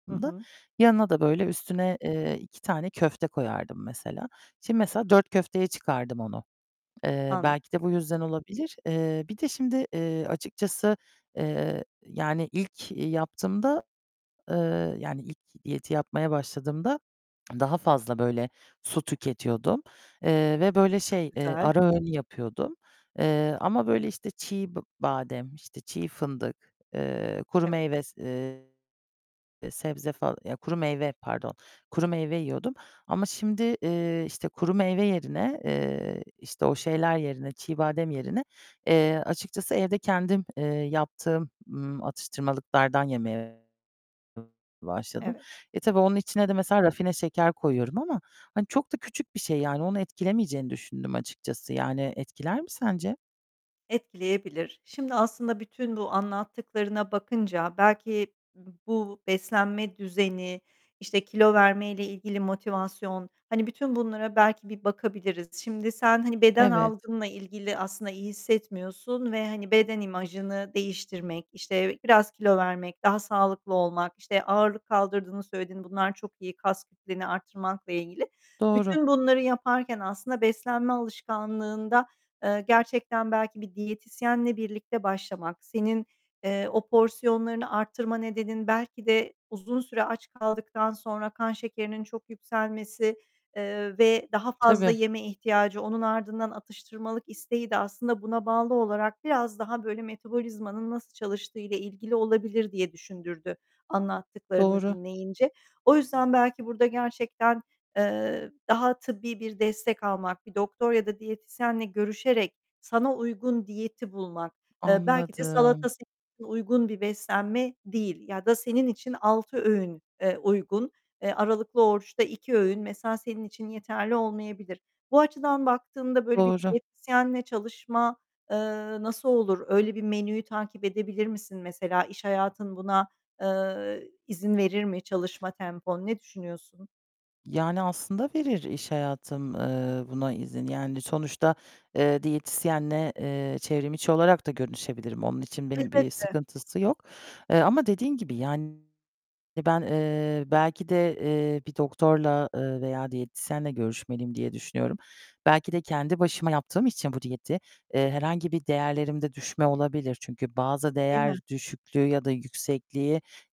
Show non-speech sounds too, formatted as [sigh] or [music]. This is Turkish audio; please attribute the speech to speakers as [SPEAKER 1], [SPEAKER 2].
[SPEAKER 1] Hı hı.
[SPEAKER 2] [unintelligible] Yanına da böyle, üstüne, eee, 2 tane köfte koyardım mesela. Şimdi mesela 4 köfteye çıkardım onu. Eee,
[SPEAKER 1] Anla
[SPEAKER 2] belki de bu yüzden olabilir. Eee, bir de şimdi, eee, açıkçası, eee, yani ilk yaptığımda, eee, yani ilk diyeti yapmaya başladığımda daha fazla böyle su tüketiyordum, eee, ve böyle şey, eee,
[SPEAKER 1] Güzel.
[SPEAKER 2] ara öğün yapıyordum, eee, ama böyle işte çiğ b badem, işte çiğ fındık, eee, kuru
[SPEAKER 1] Evet.
[SPEAKER 2] meyve, se eee, sebze fa ya kuru meyve pardon, kuru meyve yiyordum. Ama şimdi, eee, işte kuru meyve yerine, eee, işte o şeyler yerine çiğ badem yerine, eee, açıkçası evde kendim, eee, yaptığım, ımm, atıştırmalıklardan yemeye başladım.
[SPEAKER 1] Evet.
[SPEAKER 2] E tabii onun içine de, mesela, rafine şeker koyuyorum ama hani çok da küçük bir şey, yani onu etkilemeyeceğini düşündüm açıkçası yani; etkiler mi sence?
[SPEAKER 1] Etkileyebilir. Şimdi aslında bütün bu anlattıklarına bakınca belki b bu beslenme düzeni, işte, kilo vermeyle ilgili motivasyon, hani, bütün bunlara belki bir bakabiliriz. Şimdi sen hani beden
[SPEAKER 2] Evet.
[SPEAKER 1] algınla ilgili aslında iyi hissetmiyorsun ve, hani, beden imajını değiştirmek, işte, biraz kilo vermek, daha sağlıklı olmak. İşte, ağırlık kaldırdığını söyledin, bunlar çok iyi; kas kütlenini arttırmakla ilgili.
[SPEAKER 2] Doğru.
[SPEAKER 1] Bütün bunları yaparken aslında beslenme alışkanlığında, eee, gerçekten belki bir diyetisyenle birlikte başlamak, senin, eee, o porsiyonlarını arttırma nedenin, belki de uzun süre aç kaldıktan sonra kan şekerinin çok yükselmesi, eee, ve daha fazla
[SPEAKER 2] Tabii.
[SPEAKER 1] yeme ihtiyacı, onun ardından atıştırmalık isteği de aslında buna bağlı olarak biraz daha böyle metabolizmanın nasıl çalıştığıyla ilgili olabilir, diye düşündürdü anlattıklarını
[SPEAKER 2] Doğru.
[SPEAKER 1] dinleyince. O yüzden belki burada gerçekten, eee, daha tıbbi bir destek almak, bir doktor ya da diyetisyenle görüşerek sana uygun diyeti bulmak, eee, belki de
[SPEAKER 2] Anladım.
[SPEAKER 1] salata sana uygun bir beslenme değil ya da senin için 6 öğün, eee, uygun. Eee, aralıklı oruçta 2 öğün mesela senin için yeterli olmayabilir. Bu açıdan baktığında böyle bir
[SPEAKER 2] Doğru.
[SPEAKER 1] diyetisyenle çalışma, eee, nasıl olur? Öyle bir menüyü takip edebilir misin? Mesela iş hayatın buna, eee, izin verir mi çalışma tempon? Ne düşünüyorsun?
[SPEAKER 2] Yani, aslında verir iş hayatım, eee, buna izin. Yani sonuçta, eee, diyetisyenle, eee, çevrimiçi olarak da görüşebilirim. Onun için benim bir
[SPEAKER 1] Elbette.
[SPEAKER 2] sıkıntısı yok. Eee, ama dediğin gibi, yani, ben, eee, belki de, eee, bir doktorla, eee, veya diyetisyenle görüşmeliyim, diye düşünüyorum. Belki de kendi başıma yaptığım için bu diyeti, eee, herhangi bir değerlerimde düşme olabilir. Çünkü bazı
[SPEAKER 1] Değil mi?
[SPEAKER 2] değer düşüklüğü ya da yüksekliği